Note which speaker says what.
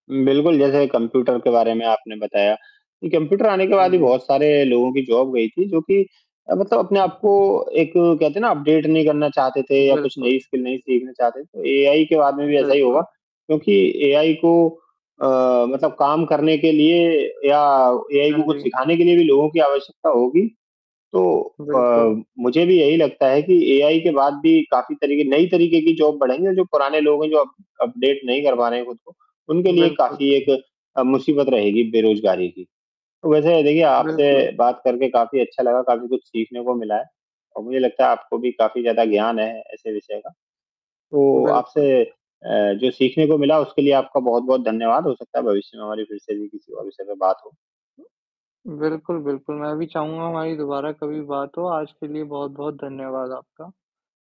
Speaker 1: बिल्कुल, जैसे कंप्यूटर के बारे में आपने बताया कि कंप्यूटर आने के
Speaker 2: हाँ
Speaker 1: बाद भी
Speaker 2: जी।
Speaker 1: बहुत सारे लोगों की जॉब गई थी, जो कि मतलब अपने आप को एक कहते हैं ना अपडेट नहीं करना चाहते थे या कुछ
Speaker 2: बिल्कुल।
Speaker 1: नई स्किल नहीं सीखना चाहते, तो एआई के बाद में भी ऐसा ही होगा
Speaker 2: बिल्कुल।
Speaker 1: क्योंकि एआई को अ, मतलब काम करने के लिए या एआई को
Speaker 2: हाँ
Speaker 1: कुछ
Speaker 2: जी।
Speaker 1: सिखाने के लिए भी लोगों की आवश्यकता होगी, तो अ,
Speaker 2: बिल्कुल।
Speaker 1: मुझे भी यही लगता है कि एआई के बाद भी काफ़ी तरीके नई तरीके की जॉब बढ़ेंगी और जो पुराने लोग हैं, जो अप अपडेट नहीं कर पा रहे हैं खुद को, उनके लिए
Speaker 2: बिल्कुल।
Speaker 1: काफ़ी एक अ, मुसीबत रहेगी बेरोज़गारी की। वैसे देखिए आपसे
Speaker 2: बिल्कुल।
Speaker 1: बात करके काफ़ी अच्छा लगा, काफ़ी कुछ सीखने को मिला है और मुझे लगता है आपको भी काफ़ी ज़्यादा ज्ञान है, ऐसे विषय का, तो
Speaker 2: बिल्कुल।
Speaker 1: आपसे अ, जो सीखने को मिला उसके लिए आपका बहुत-बहुत धन्यवाद, हो सकता है भविष्य में हमारी फ़िर से भी किसी और विषय में बात हो।
Speaker 2: बिल्कुल, बिल्कुल। मैं भी चाहूँगा हमारी दोबारा कभी बात हो, आज के लिए बहुत-बहुत धन्यवाद आपका।